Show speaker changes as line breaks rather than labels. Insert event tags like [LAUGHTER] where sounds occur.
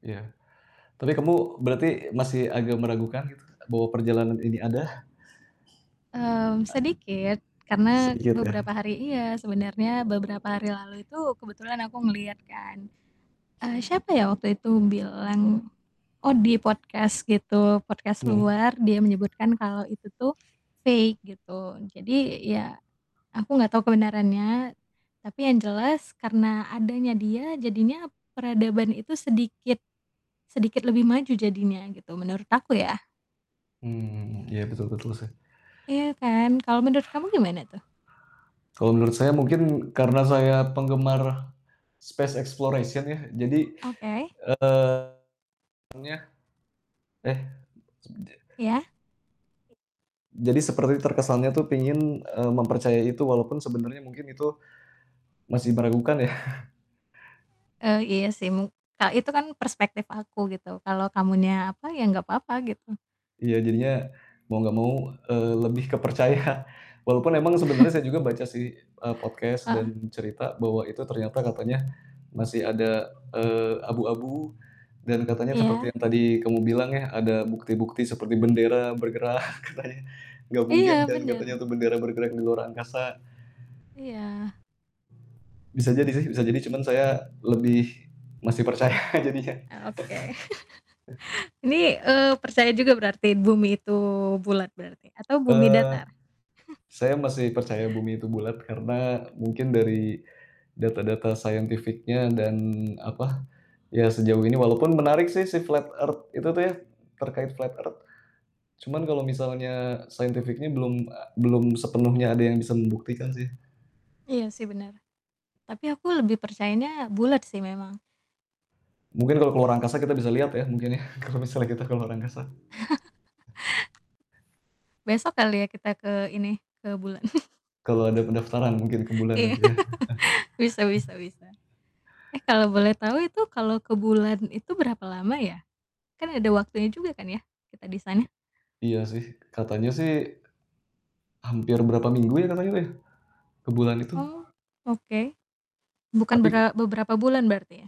Iya. Tapi kamu berarti masih agak meragukan gitu, bahwa perjalanan ini ada?
Mmm,
E
sedikit. Karena
Sedikit ya?
beberapa hari iya, sebenarnya beberapa hari lalu itu kebetulan aku ngelihat kan, eee, siapa ya waktu itu, bilang oh, di podcast gitu, podcast
Hmm.
luar, dia menyebutkan kalau itu tuh fake, gitu. Jadi ya aku nggak tahu kebenarannya, tapi yang jelas karena adanya dia jadinya peradaban itu sedikit sedikit lebih maju jadinya, gitu, menurut aku ya.
Hmm, iya, betul betul sih.
Iya kan? Kalau menurut kamu gimana tuh?
Kalau menurut saya mungkin karena saya penggemar space exploration ya, jadi,
Oke.
eee, [UNINTELLIGIBLE] eh subje
Iya.
M Jadi seperti terkesannya tuh pengen, eee, mempercayai itu walaupun sebenarnya mungkin itu masih meragukan ya. [CHUCKLES]
Eee, iya sih, mung ka itu kan perspektif aku gitu, kalau kamunya apa, ya nggak apa-apa, gitu.
Iya, jadinya mau nggak mau, eee, lebih ke percaya. Walaupun emang sebenarnya saya
[CHUCKLES]
juga baca sih, eee, podcast
Heeh.
cerita bahwa itu ternyata katanya masih ada, eee, abu-abu dan katanya seperti
Iya.
yang tadi kamu bilang ya, ada bukti-bukti seperti bendera bergerak [CHUCKLES] katanya. Nggak mungkin
Iya,
kan katanya
bener.
tuh bendera bergerak di luar angkasa.
Iya.
Bisa jadi sih, bisa jadi, cuman saya lebih masih percaya jadinya.
Oke.
[CHUCKLES]
[CHUCKLES] Ini, eee, percaya juga berarti, bumi itu bulat berarti, atau bumi
Eee,
datar? [CHUCKLES]
saya masih percaya bumi itu bulat karena mungkin dari data-data scientific-nya dan apa, ya sejauh ini walaupun menarik sih si flat earth itu tuh ya, terkait flat earth. Cuman kalau misalnya scientific-nya belum a belum sepenuhnya ada yang bisa membuktikan sih.
Iya sih, benar, tapi aku lebih percayanya bulat sih memang.
Mungkin kalau ke luar angkasa kita bisa lihat ya, mungkin ya, kalau misalnya kita ke luar angkasa.
[LAUGHS] Besok kali ya, kita ke ini, ke bulan? [CHUCKLES]
Kalau ada pendaftaran mungkin ke bulan
Iya,
nanti ya.
[LAUGHS] bisa bisa
[CHUCKLES]
bisa. Eh, kalau boleh tahu, itu kalau ke bulan itu berapa lama ya? Kan ada waktunya juga kan ya, kita di sana?
Iya, iya sih, katanya sih, hampir berapa minggu ya katanya tuh ya, ke bulan itu?
Oh, oke. Bukan
Tapi
bera beberapa bulan berarti ya?